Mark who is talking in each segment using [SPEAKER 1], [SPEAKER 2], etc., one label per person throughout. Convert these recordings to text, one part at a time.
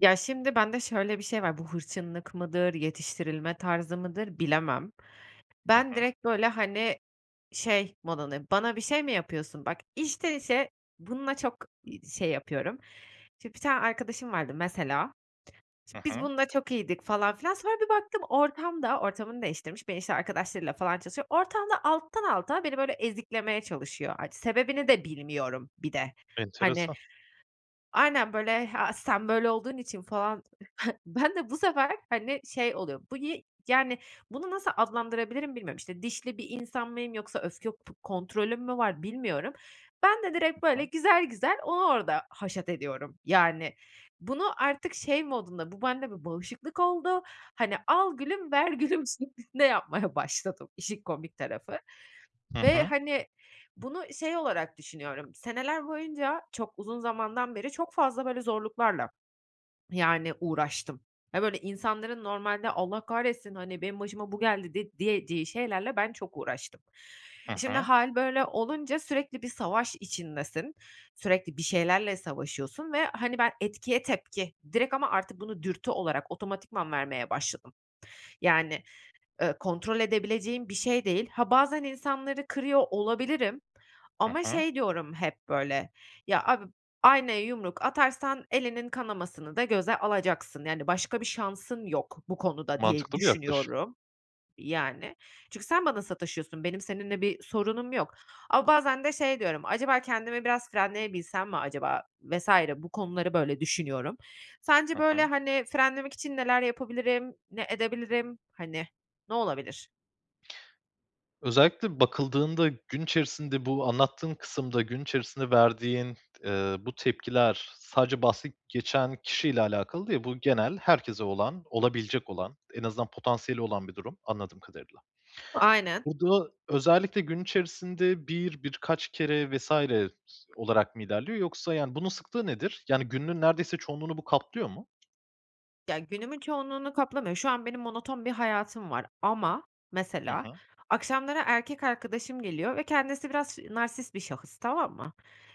[SPEAKER 1] Ya, şimdi bende şöyle bir şey var; bu hırçınlık mıdır, yetiştirilme tarzı mıdır, bilemem.
[SPEAKER 2] Hı
[SPEAKER 1] Ben,
[SPEAKER 2] hı.
[SPEAKER 1] direkt böyle, hani, şey modundayım, "Bana bir şey mi yapıyorsun?" Bak, içten içe bununla çok, iii, şey yapıyorum. Şimdi bir tane arkadaşım vardı, mesela.
[SPEAKER 2] Hı
[SPEAKER 1] Şimdi biz
[SPEAKER 2] hı.
[SPEAKER 1] bununla çok iyiydik falan filan, sonra bir baktım, ortamda -ortamını değiştirmiş, beni, işte, arkadaşlarıyla falan tanıştırıyor ortamda alttan alta beni, böyle, eziklemeye çalışıyor. Art sebebini de bilmiyorum bir de. Hani
[SPEAKER 2] Enteresan.
[SPEAKER 1] Aynen. Böyle, "Ha, sen böyle olduğun için." falan. Ben de bu sefer, hani, şey oluyor, bu niye Yani, bunu nasıl adlandırabilirim bilmiyorum. İşte, dişli bir insan mıyım yoksa öfke p kontrolüm mü var, bilmiyorum. Ben de
[SPEAKER 2] Hı
[SPEAKER 1] direkt, böyle,
[SPEAKER 2] hı.
[SPEAKER 1] güzel güzel onu orada haşat ediyorum, yani. Bunu artık şey modunda, bu bende bir bağışıklık oldu, hani, al gülüm, ver gülüm şeklinde yapmaya başladım işin komik tarafı.
[SPEAKER 2] Hı
[SPEAKER 1] Ve,
[SPEAKER 2] hı.
[SPEAKER 1] hani, bunu şey olarak düşünüyorum; seneler boyunca, çok uzun zamandan beri çok fazla böyle zorluklarla, yani, uğraştım. Hani, böyle insanların normalde, "Allah kahretsin, hani, benim başıma bu geldi." de diyeceği şeylerle ben çok uğraştım.
[SPEAKER 2] Hı
[SPEAKER 1] Şimdi
[SPEAKER 2] hı.
[SPEAKER 1] hâl böyle olunca sürekli bir savaş içindesin, sürekli bir şeylerle savaşıyorsun ve, hani, ben etkiye tepki, direkt ama artık bunu dürtü olarak, otomatikman vermeye başladım. Yani, ııı, kontrol edebileceğim bir şey değil. Ha, bazen insanları kırıyor olabilirim.
[SPEAKER 2] Hı
[SPEAKER 1] Ama
[SPEAKER 2] hı.
[SPEAKER 1] şey diyorum, hep böyle, "Ya abi, aynaya yumruk atarsan elinin kanamasını da göze alacaksın, yani, başka bir şansın yok bu konuda." diye
[SPEAKER 2] Mantıklı bir yaklaşım.
[SPEAKER 1] düşünüyorum, yani. Çünkü sen bana sataşıyorsun. Benim seninle bir sorunum yok. Ama bazen de şey diyorum, "Acaba kendimi biraz frenleyebilsem mi acaba?" vs. Bu konuları böyle düşünüyorum. Sence,
[SPEAKER 2] Hı
[SPEAKER 1] böyle,
[SPEAKER 2] hı.
[SPEAKER 1] hani, frenlemek için neler yapabilirim, ne edebilirim? Hani, ne olabilir?
[SPEAKER 2] Özellikle bakıldığında gün içerisinde bu anlattığın kısımda, gün içerisinde verdiğin, ııı, bu tepkiler sadece bahsi geçen kişiyle alakalı değil, bu genel herkese olan, olabilecek olan, en azından potansiyeli olan bir durum, anladığım kadarıyla.
[SPEAKER 1] Aynen.
[SPEAKER 2] Bu da özellikle gün içerisinde 1, birkaç kere vs. olarak mı ilerliyor yoksa, yani, bunun sıklığı nedir? Yani, gününün neredeyse çoğunluğunu bu kaplıyor mu?
[SPEAKER 1] Ya, günümün çoğunluğunu kaplamıyor. Şu an benim monoton bir hayatım var ama,
[SPEAKER 2] Hı
[SPEAKER 1] mesela,
[SPEAKER 2] hı.
[SPEAKER 1] akşamları erkek arkadaşım geliyor ve kendisi biraz ş narsist bir şahıs, tamam mı?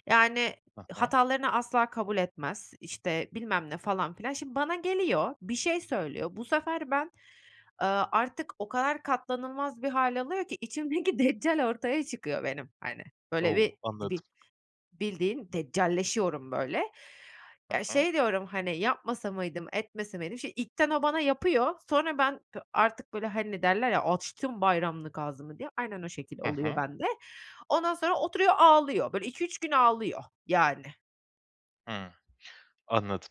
[SPEAKER 1] Yani,
[SPEAKER 2] Hı hı.
[SPEAKER 1] hatalarını asla kabul etmez, işte, bilmem ne, falan filan. Şimdi bana geliyor, bir şey söylüyor. Bu sefer ben, ııı, artık o kadar katlanılmaz bir hâl alıyor ki, içimdeki deccal ortaya çıkıyor benim, hani. Böyle
[SPEAKER 2] O!
[SPEAKER 1] bir, di
[SPEAKER 2] Anladım.
[SPEAKER 1] bi bildiğin, deccalleşiyorum, böyle.
[SPEAKER 2] Hı
[SPEAKER 1] Ya,
[SPEAKER 2] hı.
[SPEAKER 1] şey diyorum, hani, "Yapmasa mıydım, etmese miydim?" Şimdi ilkten o bana yapıyor. Sonra ben p artık, böyle, hani, derler ya, "Açtım bayramlık ağzımı." diye. Aynen o şekil
[SPEAKER 2] Hı
[SPEAKER 1] oluyor
[SPEAKER 2] hı.
[SPEAKER 1] bende. Ondan sonra oturuyor, ağlıyor. Böyle 2-3 gün ağlıyor, yani.
[SPEAKER 2] Hıı. Anladım.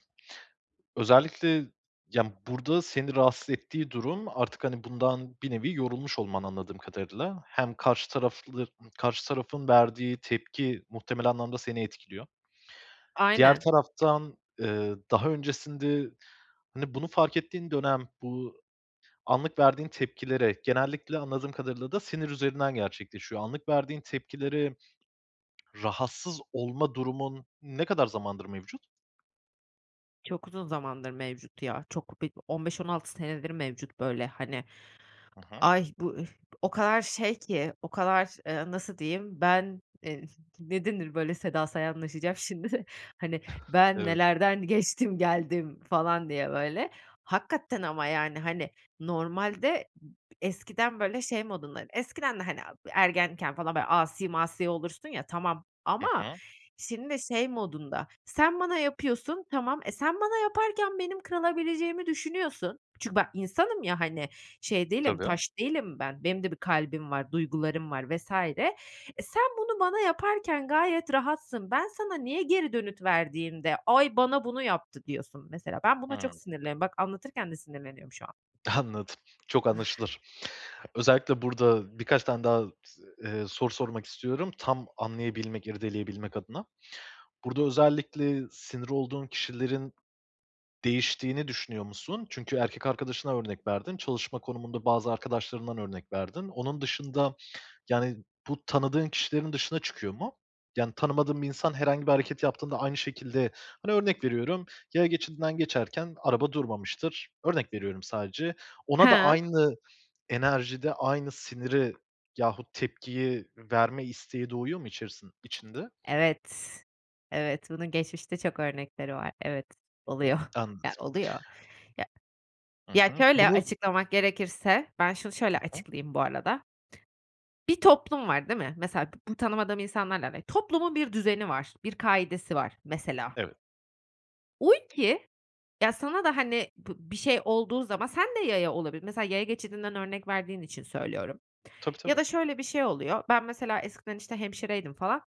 [SPEAKER 2] Özellikle, ya, burada seni rahatsız ettiği durum artık, hani, bundan bir nevi yorulmuş olman, anladığım kadarıyla. Hem karşı taraflı karşı tarafın verdiği tepki muhtemelen anlamda seni etkiliyor. Diğer
[SPEAKER 1] Aynen.
[SPEAKER 2] taraftan, ııı, daha öncesinde, hani, bunu fark ettiğin dönem, bu anlık verdiğin tepkilere, genellikle anladığım kadarıyla da sinir üzerinden gerçekleşiyor. Anlık verdiğin tepkilere rahatsız olma durumun ne kadar zamandır mevcut?
[SPEAKER 1] Çok uzun zamandır mevcut ya. Çok bir 15-16 senedir mevcut, böyle, hani.
[SPEAKER 2] Hı hı.
[SPEAKER 1] Ay, bu, ıh, o kadar şey ki, o kadar, ııı, nasıl diyeyim, ben, eee, ne denir, böyle, Seda Sayanlaşacağım şimdi. Hani, "Ben
[SPEAKER 2] Evet.
[SPEAKER 1] nelerden geçtim, geldim." falan diye, böyle. Hakikaten ama, yani, hani, normalde b eskiden, böyle, şey modunda, eskiden de, hani, ergenken falan, böyle, asi masi olursun, ya, tamam,
[SPEAKER 2] Hı
[SPEAKER 1] ama
[SPEAKER 2] hı.
[SPEAKER 1] şimdi şey modunda, sen bana yapıyorsun, tamam. E, sen bana yaparken benim kırılabileceğimi düşünüyorsun. Çünkü ben insanım ya, hani, şey değilim,
[SPEAKER 2] Tabii.
[SPEAKER 1] taş değilim ben. Benim de bir kalbim var, duygularım var vs. E, sen bunu bana yaparken gayet rahatsın. Ben sana niye geri dönüt verdiğimde, "Ay, bana bunu yaptı." diyorsun, mesela. Ben buna çok
[SPEAKER 2] Hıı.
[SPEAKER 1] sinirleniyorum. Bak, anlatırken de sinirleniyorum şu an.
[SPEAKER 2] Anladım. Çok anlaşılır. Özellikle burada birkaç tane daha, ııı, soru sormak istiyorum; tam anlayabilmek, irdeleyebilmek adına. Burada özellikle sinir olduğun kişilerin değiştiğini düşünüyor musun? Çünkü erkek arkadaşını örnek verdin, çalışma konumunda bazı arkadaşlarından örnek verdin. Onun dışında, yani, bu tanıdığın kişilerin dışına çıkıyor mu? Yani, tanımadığın bir insan herhangi bir hareket yaptığında aynı şekilde, hani, örnek veriyorum, yaya geçidinden geçerken araba durmamıştır, örnek veriyorum sadece. Ona da
[SPEAKER 1] He.
[SPEAKER 2] aynı enerjide, aynı siniri yahut tepkiyi verme isteği doğuyor mu içerisin içinde?
[SPEAKER 1] Evet, evet. Bunun geçmişte çok örnekleri var. Evet, oluyor.
[SPEAKER 2] Anladım.
[SPEAKER 1] Yani, oluyor. Ya
[SPEAKER 2] Hı
[SPEAKER 1] ya,
[SPEAKER 2] hı.
[SPEAKER 1] şöyle
[SPEAKER 2] Bunu
[SPEAKER 1] açıklamak gerekirse, ben şunu şöyle
[SPEAKER 2] Hı hı.
[SPEAKER 1] açıklayayım bu arada: Bir toplum var, değil mi? Mesela b bu tanımadığım insanlarla [unintelligible] toplumun bir düzeni var, bir kaidesi var, mesela.
[SPEAKER 2] Evet.
[SPEAKER 1] [unintelligible] Ya, sana da, hani, bi bir şey olduğu zaman sen de yaya olabilir mesela, yaya geçidinden örnek verdiğin için söylüyorum.
[SPEAKER 2] Tabii,
[SPEAKER 1] Ya
[SPEAKER 2] tabii.
[SPEAKER 1] da şöyle bir şey oluyor: Ben, mesela, eskiden, işte, hemşireydim falan.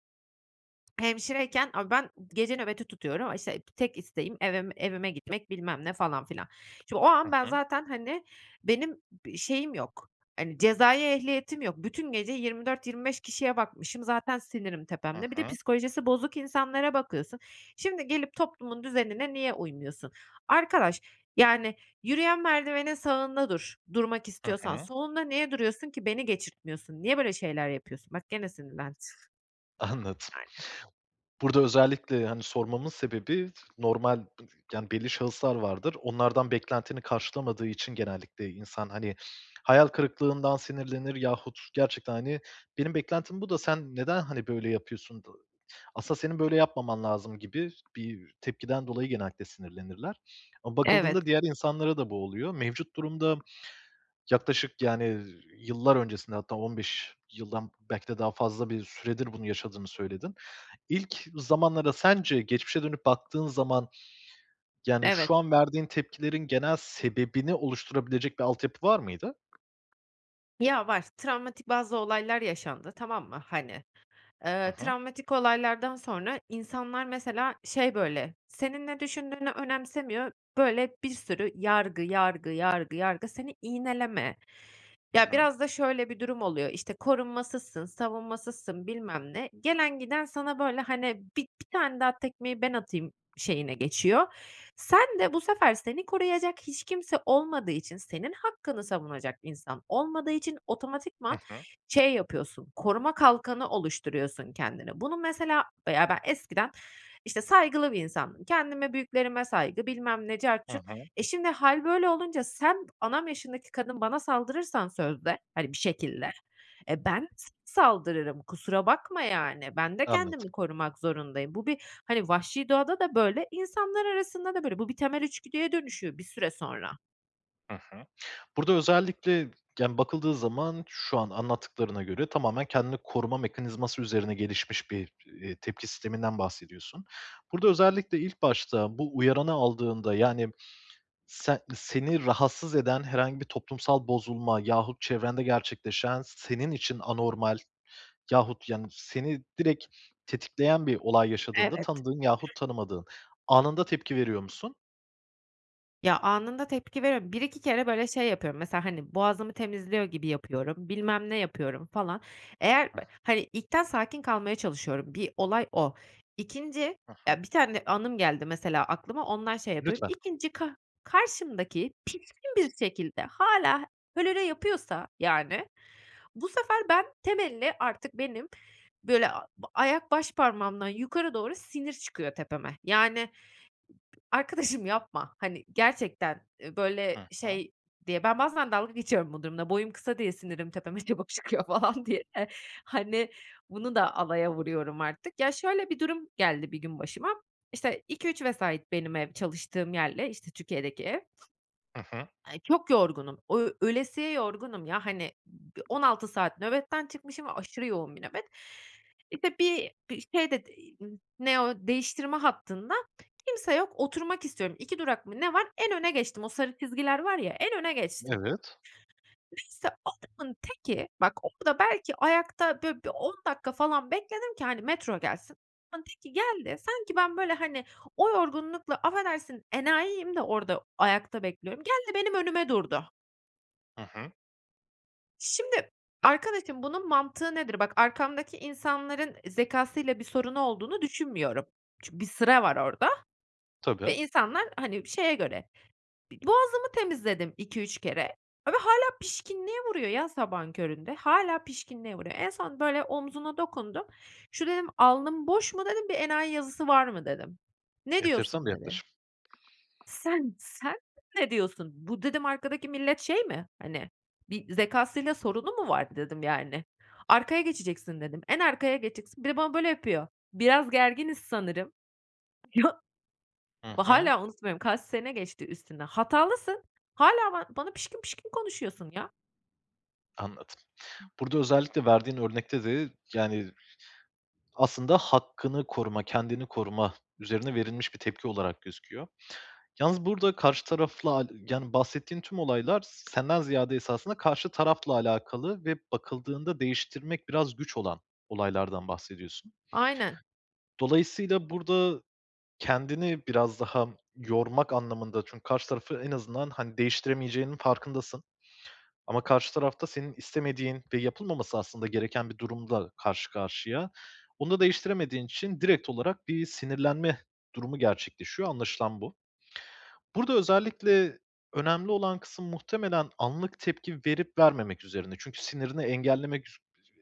[SPEAKER 1] Hemşireyken, abi, ben gece nöbeti tutuyorum, işte, aaa, tek isteğim eve evime gitmek, bilmem ne falan filan. Şimdi o an
[SPEAKER 2] Hı
[SPEAKER 1] ben
[SPEAKER 2] hı.
[SPEAKER 1] zaten, hani benim b bir şeyim yok, hani, cezai ehliyetim yok. Bütün gece 24-25 kişiye bakmışım, zaten sinirim
[SPEAKER 2] Hı
[SPEAKER 1] tepemde. Bir de
[SPEAKER 2] hı.
[SPEAKER 1] psikolojisi bozuk insanlara bakıyorsun. Şimdi, gelip toplumun düzenine niye uymuyorsun? Arkadaş, yani, yürüyen merdivenin sağında dur, durmak
[SPEAKER 2] Hı
[SPEAKER 1] istiyorsan.
[SPEAKER 2] hı.
[SPEAKER 1] Solunda niye duruyorsun ki? Beni geçirtmiyorsun. Niye böyle şeyler yapıyorsun? Bak, gene sinirlendim.
[SPEAKER 2] Anladım.
[SPEAKER 1] Öyle.
[SPEAKER 2] Burada özellikle, hani, sormamın sebebi, normal, [unintelligible] yani, belli şahıslar vardır. Onlardan beklentini karşılamadığı için genellikle insan, hani, hayal kırıklığından sinirlenir yahut gerçekten, hani, ”Benim beklentim bu da sen neden, hani, böyle yapıyorsun? Asıl senin böyle yapmaman lazım.” gibi bir tepkiden dolayı genellikle sinirlenirler. Ama bakıldığında
[SPEAKER 1] Evet.
[SPEAKER 2] diğer insanlara da bu oluyor. Mevcut durumda yaklaşık, yani, ııı, yıllar öncesinde, hatta 15 yıldan belki de daha fazla bir süredir bunu yaşadığını söyledin. İlk zamanlara, sence geçmişe dönüp baktığın zaman, yani,
[SPEAKER 1] Evet.
[SPEAKER 2] şu an verdiğin tepkilerin genel sebebini oluşturabilecek bir altyapı var mıydı?
[SPEAKER 1] Ya, var. Travmatik bazı olaylar yaşandı, tamam mı, hani.
[SPEAKER 2] Hı
[SPEAKER 1] Eee,
[SPEAKER 2] hı.
[SPEAKER 1] travmatik olaylardan sonra insanlar, mesela, şey böyle, senin ne düşündüğünü önemsemiyor, böyle, bir sürü yargı, yargı, yargı, yargı, seni iğneleme.
[SPEAKER 2] Hı
[SPEAKER 1] Ya,
[SPEAKER 2] hı.
[SPEAKER 1] biraz da şöyle bir durum oluyor, işte, korunmasızsın, savunmasızsın, bilmem ne. Gelen giden sana, böyle, hani, bi bir tane daha tekmeyi ben atayım şeyine geçiyor. Sen de bu sefer seni koruyacak hiç kimse olmadığı için, senin hakkını savunacak insan olmadığı için
[SPEAKER 2] Hı
[SPEAKER 1] otomatikman
[SPEAKER 2] hı.
[SPEAKER 1] şey yapıyorsun, koruma kalkanı oluşturuyorsun kendine. Bunu, mesela ya, ben eskiden, işte, saygılı bir insandım. Kendime, büyüklerime saygı, bilmem ne cart
[SPEAKER 2] Hı
[SPEAKER 1] curt.
[SPEAKER 2] hı.
[SPEAKER 1] E, şimdi hâl böyle olunca sen anam yaşındaki kadın bana saldırırsan sözde, hani, bir şekilde, e, ben [unintelligible] s saldırırım, kusura bakma, yani. Ben de
[SPEAKER 2] Anladım.
[SPEAKER 1] kendimi korumak zorundayım. Bu bir, hani, vahşi doğada da böyle, insanlar arasında da böyle. Bu bir temel içgüdüye dönüşüyor bir süre sonra.
[SPEAKER 2] Hı hı. Burada özellikle, yani, bakıldığı zaman şu an anlattıklarına göre tamamen kendini koruma mekanizması üzerine gelişmiş bir, iii, tepki sisteminden bahsediyorsun. Burada özellikle ilk başta bu uyaranı aldığında, yani, sen seni rahatsız eden herhangi bir toplumsal bozulma yahut çevrende gerçekleşen senin için anormal yahut, yani, seni direkt tetikleyen bir olay yaşadığında,
[SPEAKER 1] Evet.
[SPEAKER 2] tanıdığın yahut tanımadığın, anında tepki veriyor musun?
[SPEAKER 1] Ya, anında tepki veriyo 1-2 kere böyle şey yapıyorum, mesela, hani, boğazımı temizliyor gibi yapıyorum, bilmem ne yapıyorum, falan. Eğer b hani, ilkten sakin kalmaya çalışıyorum, bir olay o. 2'nci
[SPEAKER 2] Hı hı.
[SPEAKER 1] ya, bir tane anım geldi mesela aklıma, ondan şey yapıyorum.
[SPEAKER 2] Lütfen.
[SPEAKER 1] 2'nci ka karşımdaki pişkin bir şekilde hâlâ hölölö yapıyorsa, yani, bu sefer ben, temelli artık benim, böyle, a ayak başparmağımdan yukarı doğru sinir çıkıyor tepeme. Yani, b b arkadaşım, yapma, hani, gerçekten, eee, böyle
[SPEAKER 2] Hı hı.
[SPEAKER 1] şey diye, ben bazen dalga geçiyorum bu durumla; boyum kısa diye sinirim tepeme çabuk çıkıyor falan diye. Hani, bunu da alaya vuruyorum artık. Ya, şöyle bir durum geldi bir gün başıma: İşte, 2-3 vesait benim ev, çalıştığım yerle, işte, Türkiye'deki ev.
[SPEAKER 2] Hı hı.
[SPEAKER 1] Eee, çok yorgunum. O ölesiye yorgunum, ya, hani, 16 saat nöbetten çıkmışım ve aşırı yoğun bir nöbet. İşte, bir bir şey de n ne o, değiştirme hattında kimse yok, oturmak istiyorum, 2 durak mı ne var, en öne geçtim. O sarı çizgiler var ya, en öne geçtim.
[SPEAKER 2] Evet.
[SPEAKER 1] Neyse, adamın teki, bak, orada belki ayakta, böyle, bir 10 dakika falan bekledim ki, hani, metro gelsin. Adamın teki geldi, sanki ben, böyle, hani, o yorgunlukla, affedersin, enayiyim de, orada o ayakta bekliyorum, geldi, benim önüme durdu.
[SPEAKER 2] Hı hı.
[SPEAKER 1] Şimdi, arkadaşım, bunun mantığı nedir? Bak, arkamdaki insanların zekâsıyla bir sorunu olduğunu düşünmüyorum. Çünkü bir sıra var orada
[SPEAKER 2] Tabii.
[SPEAKER 1] ve insanlar, hani, şeye göre, b boğazımı temizledim 2-3 kere ve hâlâ pişkinliğe vuruyor, ya, sabahın köründe, hâlâ pişkinliğe vuruyor. En son, böyle, omzuna dokundum, "Şu" dedim, "alnım boş mu?" dedim, "Bir enayi yazısı var mı?" dedim. "Ne
[SPEAKER 2] Enteresan
[SPEAKER 1] diyorsun?"
[SPEAKER 2] bir
[SPEAKER 1] dedi.
[SPEAKER 2] yaklaşım.
[SPEAKER 1] "Sen, sen ne diyorsun? Bu" dedim, "arkadaki millet şey mi, hani, bir zekâsıyla sorunu mu vardı?" dedim, yani. "Arkaya geçeceksin." dedim. "En arkaya geçeceksin." Bir de bana böyle yapıyor: "Biraz gerginiz sanırım." Ya!
[SPEAKER 2] Hı
[SPEAKER 1] Bak,
[SPEAKER 2] hı.
[SPEAKER 1] hâlâ unutmuyorum, kaç sene geçti üstünden. Hatalısın, hâlâ ba bana pişkin pişkin konuşuyorsun, ya.
[SPEAKER 2] Anladım. Burada özellikle verdiğin örnekte de, yani, aslında hakkını koruma, kendini koruma üzerine verilmiş bir tepki olarak gözüküyor. Yalnız burada karşı tarafla, aaa, yani, bahsettiğin tüm olaylar senden ziyade esasında karşı tarafla alakalı ve bakıldığında değiştirmek biraz güç olan olaylardan bahsediyorsun.
[SPEAKER 1] Aynen.
[SPEAKER 2] Dolayısıyla burada kendini biraz daha yormak anlamında çünkü karşı tarafı en azından, hani, değiştiremeyeceğinin farkındasın ama karşı tarafta senin istemediğin ve yapılmaması aslında gereken bir durumda karşı karşıya. Bunu da değiştiremediğin için direkt olarak bir sinirlenme durumu gerçekleşiyor, anlaşılan bu. Burada özellikle önemli olan kısım muhtemelen anlık tepki verip vermemek üzerine. Çünkü sinirini engellemek su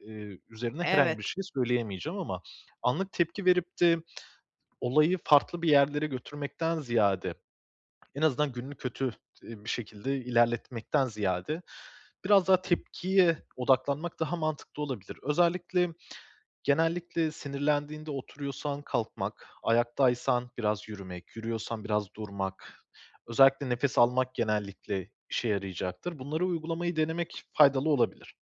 [SPEAKER 2] eee, üzerine herhangi
[SPEAKER 1] Evet.
[SPEAKER 2] bir şey söyleyemeyeceğim ama anlık tepki verip de olayı farklı bir yerlere götürmekten ziyade, en azından gününü kötü, ııı, bir şekilde ilerletmekten ziyade, biraz daha tepkiye odaklanmak daha mantıklı olabilir. Özellikle genellikle sinirlendiğinde oturuyorsan kalkmak, ayaktaysan biraz yürümek, yürüyorsan biraz durmak, özellikle nefes almak genellikle işe yarayacaktır. Bunları uygulamayı denemek faydalı olabilir.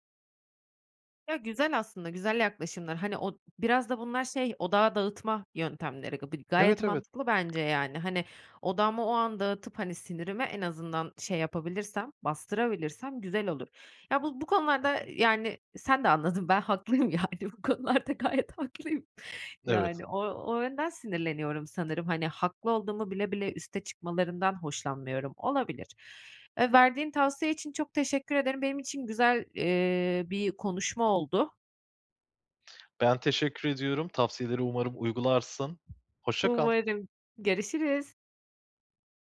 [SPEAKER 1] Yo, güzel aslında, güzel yaklaşımlar. Hani, o biraz da bunlar şey, odağı dağıtma yöntemleri. Bi gayet
[SPEAKER 2] Evet, evet.
[SPEAKER 1] mantıklı bence, yani. Hani, odağımı o an dağıtıp, hani, sinirimi en azından şey yapabilirsem, bastırabilirsem güzel olur. Ya, bu bu
[SPEAKER 2] Hı
[SPEAKER 1] konularda,
[SPEAKER 2] hı.
[SPEAKER 1] yani, sen de anladın, ben haklıyım, yani. Bu konularda gayet haklıyım.
[SPEAKER 2] Evet.
[SPEAKER 1] Yani, o o yönden sinirleniyorum sanırım. Hani, haklı olduğumu bile bile üste çıkmalarından hoşlanmıyorum. Olabilir. Eee, verdiğin tavsiye için çok teşekkür ederim. Benim için güzel, eee, bir konuşma oldu.
[SPEAKER 2] Ben teşekkür ediyorum. Tavsiyeleri umarım uygularsın. Hoşça kal.
[SPEAKER 1] Umarım. Görüşürüz.